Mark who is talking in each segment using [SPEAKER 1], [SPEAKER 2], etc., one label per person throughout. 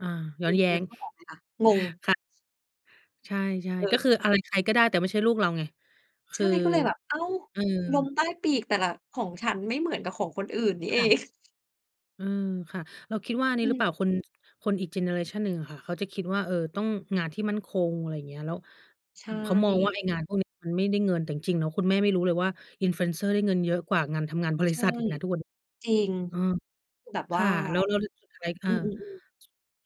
[SPEAKER 1] อ่า ย้อ
[SPEAKER 2] นึ
[SPEAKER 1] น
[SPEAKER 2] ก
[SPEAKER 1] แย้
[SPEAKER 2] นึ
[SPEAKER 1] ง
[SPEAKER 2] กภาพออกไหมคะ? งง
[SPEAKER 1] ค่ะ ใช่
[SPEAKER 2] เ
[SPEAKER 1] ๆ ก
[SPEAKER 2] ออ
[SPEAKER 1] ็คืออะไรใครก็ได้ แต่ไม่ใช่ลูกเราไง ค
[SPEAKER 2] ใช
[SPEAKER 1] ื
[SPEAKER 2] ่
[SPEAKER 1] อ
[SPEAKER 2] ก็เลยแบบ อ้าว
[SPEAKER 1] เออ
[SPEAKER 2] ลมใต้ปีกแต่ละ ของฉันไม่เหมือนกับของคนอื่นนี่
[SPEAKER 1] ค
[SPEAKER 2] เอ
[SPEAKER 1] ่ะ
[SPEAKER 2] ง
[SPEAKER 1] อืม ค่ะ เราคิดว่าอัน
[SPEAKER 2] อ
[SPEAKER 1] นี
[SPEAKER 2] ื
[SPEAKER 1] ้หรือเปล
[SPEAKER 2] ม
[SPEAKER 1] ่า คน จ คนอีกเจเนอเรชันหนึ่งอะค่ะ เขาจะคิดว่า เออ ต้องงานที่มั่นคง อะไรอย่างเงี้ย แล้ว
[SPEAKER 2] ใช
[SPEAKER 1] เขามองว่า
[SPEAKER 2] ่
[SPEAKER 1] ไอ้งานพวกเนี้ยมันไม่ได้เงิน แต่จริง ๆ แล้วคุณแม่ไม่รู้เลยว่า influencer ได้เงินเยอะกว่างานทำงานบร
[SPEAKER 2] ใช
[SPEAKER 1] ิ
[SPEAKER 2] ่
[SPEAKER 1] ษัทอีกนะทุกวัน
[SPEAKER 2] จริง
[SPEAKER 1] เออ
[SPEAKER 2] คือแบบ
[SPEAKER 1] ค
[SPEAKER 2] ว่
[SPEAKER 1] ่
[SPEAKER 2] า
[SPEAKER 1] ะ แล้ว แล้ว ร สุดท้าย เอ
[SPEAKER 2] อื
[SPEAKER 1] อ
[SPEAKER 2] อ ๆ ๆ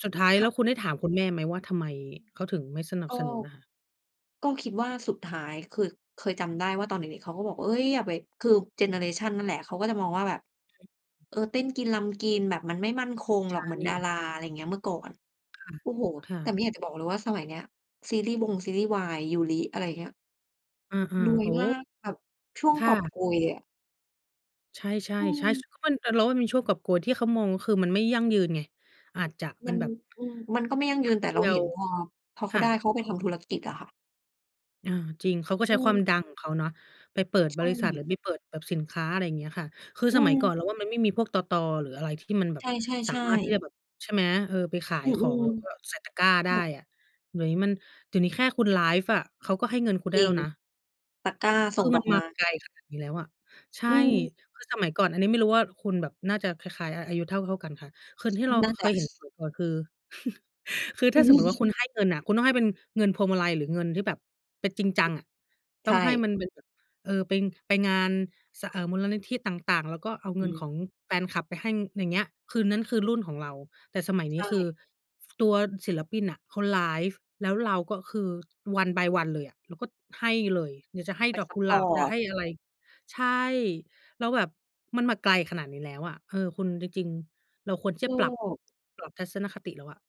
[SPEAKER 1] สุดท้าย
[SPEAKER 2] ค
[SPEAKER 1] แล
[SPEAKER 2] ่
[SPEAKER 1] ้
[SPEAKER 2] ะ
[SPEAKER 1] วคุณได้ถามคุณแม่ไหมว่า ทำไมเขาถึงไม่สนั
[SPEAKER 2] ก
[SPEAKER 1] บ
[SPEAKER 2] ็
[SPEAKER 1] สนุนน่ะ?
[SPEAKER 2] ก็คิดว่า สุดท้าย คือเคยจำได้ว่าตอนเด็ก ๆ เขาก็บอก "เฮ้ย อย่าไป" คือเจเนอเรชันนั่นแหละ เขาก็จะมองว่าแบบ
[SPEAKER 1] [unintelligible]
[SPEAKER 2] เออ เต้นกินรำกิน แบบมันไม่มั่นคง
[SPEAKER 1] ใช
[SPEAKER 2] หรอก เหมือนดา
[SPEAKER 1] ่
[SPEAKER 2] รา อะไรอย่างงี้ เมื่อก่อน
[SPEAKER 1] ค่ะ
[SPEAKER 2] โอ้โฮ
[SPEAKER 1] ค่
[SPEAKER 2] แต่
[SPEAKER 1] ะ
[SPEAKER 2] ไม่อยากจะบอกเลยว่าสมัยเนี้ย ซีรีส์วงซีรีส์วาย ยูริ อะไรอย่างเงี้ย
[SPEAKER 1] อา
[SPEAKER 2] รว
[SPEAKER 1] ๆ โ
[SPEAKER 2] ย
[SPEAKER 1] อ้โ
[SPEAKER 2] ม
[SPEAKER 1] ฮ
[SPEAKER 2] าก แบบช่วง
[SPEAKER 1] ค่
[SPEAKER 2] กอบ
[SPEAKER 1] ะ
[SPEAKER 2] โกยอะ
[SPEAKER 1] ใช่
[SPEAKER 2] อืม
[SPEAKER 1] ๆ ๆ [unintelligible] แต่เราว่ามีช่วงกอบโกยที่เขามอง ก็คือมันไม่ยั่งยืนไง อาจจะเ
[SPEAKER 2] ม
[SPEAKER 1] ป็
[SPEAKER 2] ั
[SPEAKER 1] น
[SPEAKER 2] น
[SPEAKER 1] แบบ
[SPEAKER 2] อือ มันก็ไม่ยั่ง
[SPEAKER 1] แ
[SPEAKER 2] ย
[SPEAKER 1] ป
[SPEAKER 2] ื
[SPEAKER 1] ๊
[SPEAKER 2] น
[SPEAKER 1] บ
[SPEAKER 2] แต่
[SPEAKER 1] เด
[SPEAKER 2] เร
[SPEAKER 1] ี
[SPEAKER 2] า
[SPEAKER 1] ย
[SPEAKER 2] เห
[SPEAKER 1] ว
[SPEAKER 2] ็นพอ พอเข
[SPEAKER 1] ค
[SPEAKER 2] า
[SPEAKER 1] ่
[SPEAKER 2] ไ
[SPEAKER 1] ะ
[SPEAKER 2] ด้ เขาไปทำธุรกิจค่ะ
[SPEAKER 1] อา จริง เขาก็
[SPEAKER 2] อ
[SPEAKER 1] ใช
[SPEAKER 2] ื
[SPEAKER 1] ้ความ
[SPEAKER 2] ม
[SPEAKER 1] ดังของเขาเนาะ ไปเปิด
[SPEAKER 2] ใช
[SPEAKER 1] บริษัท หรื
[SPEAKER 2] ่
[SPEAKER 1] อไปเปิดแบบสินค้า อะไรอย่างเงี้ยค่ะ คือ
[SPEAKER 2] อื
[SPEAKER 1] สมัยก่อ
[SPEAKER 2] ม
[SPEAKER 1] นเราว่ามันไม่มีพวกตต. หรืออะไรที่มันแบ
[SPEAKER 2] ใ
[SPEAKER 1] บสา
[SPEAKER 2] ช่
[SPEAKER 1] มารถที่
[SPEAKER 2] ๆ
[SPEAKER 1] จะ
[SPEAKER 2] ๆ
[SPEAKER 1] แบบ ใช่ไหม เออ ไปขา
[SPEAKER 2] อ
[SPEAKER 1] ย
[SPEAKER 2] ื
[SPEAKER 1] ของ
[SPEAKER 2] อ
[SPEAKER 1] แล้วก็ใส่ตะกร้า
[SPEAKER 2] ๆ ค
[SPEAKER 1] ได้
[SPEAKER 2] ่ะ
[SPEAKER 1] อะ เดี๋ยวนี้มัน เดี๋ยวนี้แค่คุณไลฟ์อะ เขาก็ให้เงินคุณไ
[SPEAKER 2] จ
[SPEAKER 1] ด้
[SPEAKER 2] ริ
[SPEAKER 1] แล้
[SPEAKER 2] ง
[SPEAKER 1] วนะ
[SPEAKER 2] ตะกร้าส
[SPEAKER 1] คื
[SPEAKER 2] ่ง
[SPEAKER 1] อม
[SPEAKER 2] ด
[SPEAKER 1] ั
[SPEAKER 2] อ
[SPEAKER 1] น
[SPEAKER 2] กไ
[SPEAKER 1] ม
[SPEAKER 2] ม
[SPEAKER 1] า
[SPEAKER 2] ้
[SPEAKER 1] ไกลขนาดนี้แล้วอะ ใช
[SPEAKER 2] อื
[SPEAKER 1] ่
[SPEAKER 2] อ
[SPEAKER 1] คือสมัยก่อน อันนี้ไม่รู้ว่าคุณแบบน่าจะคล้าย ๆ อ อายุเท่า ๆ กันค่ะ คือที่เรา
[SPEAKER 2] น่า
[SPEAKER 1] เค
[SPEAKER 2] จ
[SPEAKER 1] ยเห็น
[SPEAKER 2] ะ
[SPEAKER 1] สมัยก่อน คือ คือถ้าสมมุติว่าคุณให้เงินน่ะ คุณต้องให้เป็นเงินพวงมาลัย หรือเงินที่แบบเป็นจริงจ
[SPEAKER 2] อ
[SPEAKER 1] ั
[SPEAKER 2] ื
[SPEAKER 1] ง
[SPEAKER 2] อ
[SPEAKER 1] อะ ต
[SPEAKER 2] ใช
[SPEAKER 1] ้อง
[SPEAKER 2] ่
[SPEAKER 1] ให้มันเป็นแบบ เออ ไป ไปงาน ส เอ่อ มูลนิธิต่าง ๆ แล้วก็เอา
[SPEAKER 2] อ
[SPEAKER 1] เงิน
[SPEAKER 2] ือ
[SPEAKER 1] ของแฟนคลับไปให้ อย่างเงี้ย คือนั้นคือรุ่นของเรา แต่สมัย
[SPEAKER 2] ใช
[SPEAKER 1] นี้คือ
[SPEAKER 2] ่
[SPEAKER 1] ฟ ตัวศิลปินน่ะเขาไลฟ์ แล้วเราก็คือ one by one เลยอะ เราก็ให้เลย อยากจะให้
[SPEAKER 2] ไป
[SPEAKER 1] ดอก
[SPEAKER 2] ซั
[SPEAKER 1] ก
[SPEAKER 2] ป
[SPEAKER 1] ุ
[SPEAKER 2] พ
[SPEAKER 1] หล
[SPEAKER 2] อ
[SPEAKER 1] าบ จ
[SPEAKER 2] ร
[SPEAKER 1] ะ
[SPEAKER 2] ์
[SPEAKER 1] ใ
[SPEAKER 2] ต
[SPEAKER 1] ห้ อะไร ใช่ แล้วแบบมันมาไกลขนาดนี้แล้วอะ เออ คุณ จริง ๆ เราควรที่จะปรับ
[SPEAKER 2] [unintelligible]
[SPEAKER 1] ปรับทัศนคติแล้วอะ